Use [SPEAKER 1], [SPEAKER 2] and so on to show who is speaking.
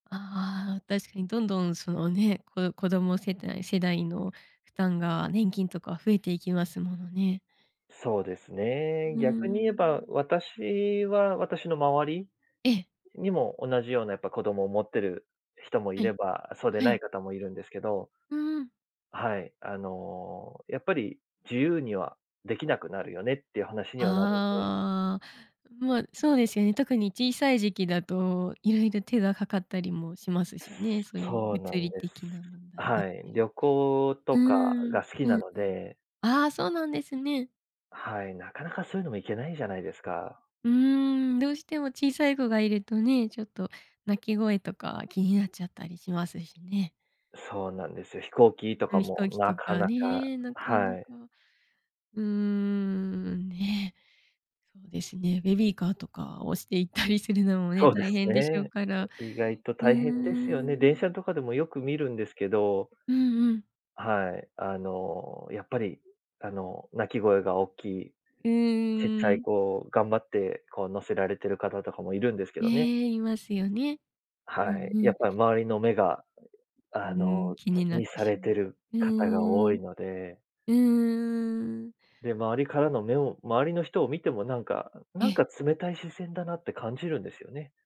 [SPEAKER 1] ああ、確かにどんどんそのね、子ど子供世代世代の負担が、年金とか増えていきますものね。
[SPEAKER 2] そうです
[SPEAKER 1] う
[SPEAKER 2] ね。
[SPEAKER 1] ー
[SPEAKER 2] 逆に言えば、
[SPEAKER 1] ん。
[SPEAKER 2] 私は私の周り
[SPEAKER 1] ええ。
[SPEAKER 2] にも同じようなやっぱ子供を持ってる人もい
[SPEAKER 1] は
[SPEAKER 2] れ
[SPEAKER 1] い。
[SPEAKER 2] ば、そうで
[SPEAKER 1] は
[SPEAKER 2] ない
[SPEAKER 1] い。
[SPEAKER 2] 方もいるんですけど。
[SPEAKER 1] うん。
[SPEAKER 2] はい。あの、やっぱり自由には、出来なくなるよねっていう話にはなるんで。
[SPEAKER 1] ああ、まあ、そうですよね。特に小さい時期だと色々手がかかったりもしますしね。そういう
[SPEAKER 2] そう
[SPEAKER 1] 物
[SPEAKER 2] なん
[SPEAKER 1] 理
[SPEAKER 2] で
[SPEAKER 1] 的
[SPEAKER 2] す。
[SPEAKER 1] な問題だっ
[SPEAKER 2] はい。
[SPEAKER 1] たり。
[SPEAKER 2] 旅行
[SPEAKER 1] う
[SPEAKER 2] とか
[SPEAKER 1] ーん、
[SPEAKER 2] が好き
[SPEAKER 1] う
[SPEAKER 2] な
[SPEAKER 1] ん
[SPEAKER 2] の
[SPEAKER 1] うん。
[SPEAKER 2] で。
[SPEAKER 1] ああ、そうなんですね。
[SPEAKER 2] はい。なかなかそういうのも行けないじゃないですか。
[SPEAKER 1] うーん。どうしても小さい子がいるとね、ちょっと泣き声とか気になっちゃったりしますしね。
[SPEAKER 2] そうなんですよ。飛行機と
[SPEAKER 1] ん
[SPEAKER 2] か
[SPEAKER 1] ん、飛
[SPEAKER 2] も
[SPEAKER 1] 行機
[SPEAKER 2] な
[SPEAKER 1] と
[SPEAKER 2] か
[SPEAKER 1] か
[SPEAKER 2] なか、
[SPEAKER 1] ね、なかな
[SPEAKER 2] はい。
[SPEAKER 1] か、うーん、ね。そうですね。ベビーカーとか押していったりするのもね、
[SPEAKER 2] そうで
[SPEAKER 1] 大
[SPEAKER 2] す
[SPEAKER 1] 変でしょう
[SPEAKER 2] ね。
[SPEAKER 1] から。
[SPEAKER 2] 意外と
[SPEAKER 1] うー
[SPEAKER 2] 大変ですよね。電車
[SPEAKER 1] ん。
[SPEAKER 2] とかでも、よく見るんですけど。
[SPEAKER 1] うんうん。
[SPEAKER 2] はい。あの、やっぱり、あの、泣き声がおっきい
[SPEAKER 1] う
[SPEAKER 2] ちっちゃ
[SPEAKER 1] ー
[SPEAKER 2] い
[SPEAKER 1] ん。
[SPEAKER 2] 子を、頑張ってこう乗せられてる方とかもいるんですけどね。
[SPEAKER 1] ね、いますよね。う
[SPEAKER 2] は
[SPEAKER 1] ん
[SPEAKER 2] い。
[SPEAKER 1] う
[SPEAKER 2] やっ
[SPEAKER 1] ん。
[SPEAKER 2] ぱり周りの目が、
[SPEAKER 1] う
[SPEAKER 2] あ
[SPEAKER 1] ん。
[SPEAKER 2] の
[SPEAKER 1] 気に
[SPEAKER 2] 気
[SPEAKER 1] なっ
[SPEAKER 2] に
[SPEAKER 1] て
[SPEAKER 2] さ
[SPEAKER 1] し
[SPEAKER 2] れて
[SPEAKER 1] ま
[SPEAKER 2] る
[SPEAKER 1] う。う
[SPEAKER 2] 方が
[SPEAKER 1] ー
[SPEAKER 2] 多
[SPEAKER 1] ん。
[SPEAKER 2] いので。
[SPEAKER 1] うーん。
[SPEAKER 2] で、周りからの目を周りの人を見ても、なんか
[SPEAKER 1] え
[SPEAKER 2] なん
[SPEAKER 1] え。
[SPEAKER 2] か冷たい視線だなって感じるんですよね。